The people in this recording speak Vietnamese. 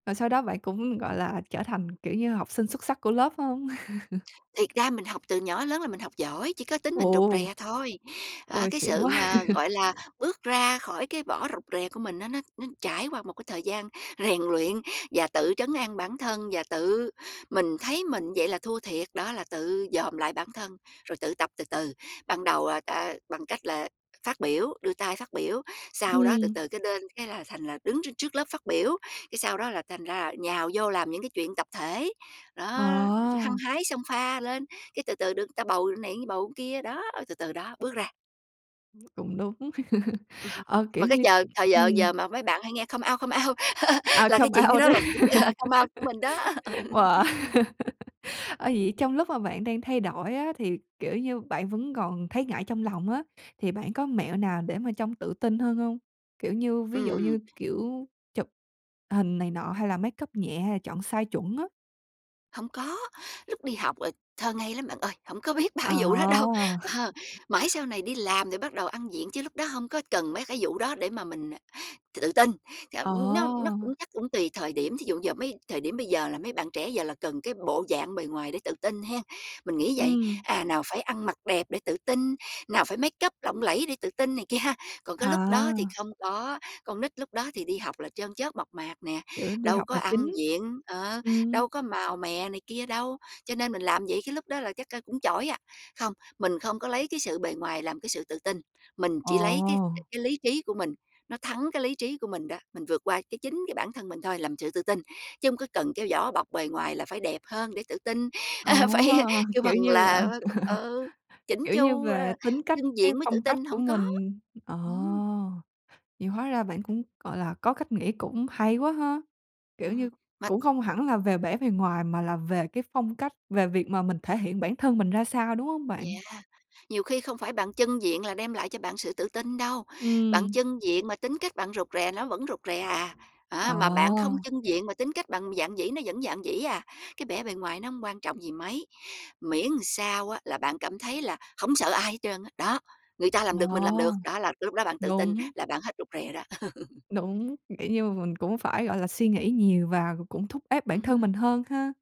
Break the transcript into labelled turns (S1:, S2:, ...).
S1: Rồi sau đó bạn cũng, gọi là, trở thành, kiểu như, học sinh xuất sắc của lớp phải hông?
S2: Thiệt ra mình học từ nhỏ đến lớn là mình học giỏi, chỉ có tính mình rụt
S1: Ồ!
S2: rè thôi. À,
S1: Ôi,
S2: cái
S1: xịn
S2: sự
S1: quá!
S2: mà, gọi là, bước ra khỏi cái vỏ rụt rè của mình á nó nó trải qua một cái thời gian rèn luyện và tự trấn an bản thân và tự mình thấy mình vậy là thua thiệt đó, là tự dòm lại bản thân rồi tự tập từ từ. Ban đầu là ta bằng cách là phát biểu, đưa tay phát biểu sau đó từ
S1: Ừm.
S2: từ cái lên, cái là thành là đứng trước trước lớp phát biểu, cái sau đó là thành ra là nhào vô làm những cái chuyện tập thể. Đó, hăng
S1: À.
S2: hái xông pha lên, cái từ từ được người ta bầu này, bầu cái kia, đó, từ từ đó, bước ra.
S1: Cũng đúng.
S2: Ừm,
S1: Ờ, kiểu
S2: mà cái
S1: như
S2: giờ
S1: ừm,
S2: thời giờ
S1: ừm.
S2: giờ mà mấy bạn hay nghe come out, come out,
S1: À,
S2: là cái
S1: come
S2: chuyện
S1: out
S2: đó
S1: đó.
S2: là cũng là come out, của mình đó. ừ.
S1: Wow! Ờ, vậy trong lúc mà bạn đang thay đổi á thì, kiểu như, bạn vẫn còn thấy ngại trong lòng á thì bạn có mẹo nào để mà trông tự tin hơn hông? Kiểu như ví dụ
S2: Ừm.
S1: như, kiểu, chụp hình này nọ hay là makeup nhẹ hay là chọn size chuẩn á?
S2: Hông có, lúc đi học, ờ, thơ ngây lắm bạn ơi, hổng có biết ba cái vụ đó đâu,
S1: À!
S2: ờ, mãi sau này đi làm rồi bắt đầu ăn diện chứ lúc đó hông có cần mấy cái vụ đó để mà mình, à, tự tin. Thận nó nó cũng
S1: À!
S2: chắc cũng tùy thời điểm, thí dụ giờ mấy thời điểm bây giờ là mấy bạn trẻ giờ là cần cái bộ dạng bề ngoài để tự tin hén, mình nghĩ vậy.
S1: Ừm.
S2: À, nào phải ăn mặc đẹp để tự tin, nào phải makeup lộng lẫy để tự tin này kia ha, còn cái lúc đó thì
S1: À.
S2: không có. Con nít lúc đó thì đi học là chân chất, mộc mạc nè,
S1: Kiểu, đi
S2: đâu
S1: học
S2: có
S1: là
S2: ăn
S1: chính.
S2: diện, ờ,
S1: Ừm.
S2: đâu có màu mè này kia đâu, cho nên mình làm vậy cái lúc đó là chắc, ơ, cũng chỏi à. Không, mình không có lấy cái sự bề ngoài làm cái sự tự tin, mình chỉ lấy cái
S1: Ồ!
S2: cái lý trí của mình, nó thắng cái lý trí của mình đó, mình vượt qua, cái, chính cái bản thân mình thôi làm sự tự tin, chứ hông có cần kéo vỏ bọc bề ngoài là phải đẹp hơn để tự tin.
S1: À,
S2: A, phải kêu bằng
S1: kiểu như là
S2: là phải c ừ, chỉn
S1: kiểu như
S2: chu,
S1: về
S2: ờ,
S1: tính cách,
S2: chưng
S1: cái
S2: diện mới tự
S1: phong cách
S2: tin,
S1: của
S2: hổng có.
S1: mình. Ờ,
S2: Ừm.
S1: vậy hóa ra bạn cũng, gọi là, có cách nghĩ cũng hay quá ha! Kiểu như,
S2: Ừm, mà
S1: cũng không hẳn là về bẻ bề ngoài mà là về cái phong cách, về việc mà mình thể hiện bản thân mình ra sao, đúng hông bạn?
S2: Yeah, nhiều khi không phải bạn chưng diện là đem lại cho bạn sự tự tin đâu, bạn
S1: Ừm.
S2: chưng diện mà tính cách bạn rụt rè nó vẫn rụt rè à. Đó, mà bạn không
S1: À.
S2: chưng diện mà tính cách bạn dạn dĩ nó vẫn dạn dĩ à. Cái bẻ bề ngoài nó hông quan trọng gì mấy miễn sao á là bạn cảm thấy là hổng sợ ai hết trơn á, đó, người ta làm được mình làm được,
S1: À,
S2: đó là cái lúc đó bạn tự tin
S1: đúng.
S2: là bạn hết rụt rè đó.
S1: Đúng, kiểu như mà mình cũng phải, gọi là, suy nghĩ nhiều và cũng thúc ép bản thân
S2: Ừm.
S1: mình hơn ha.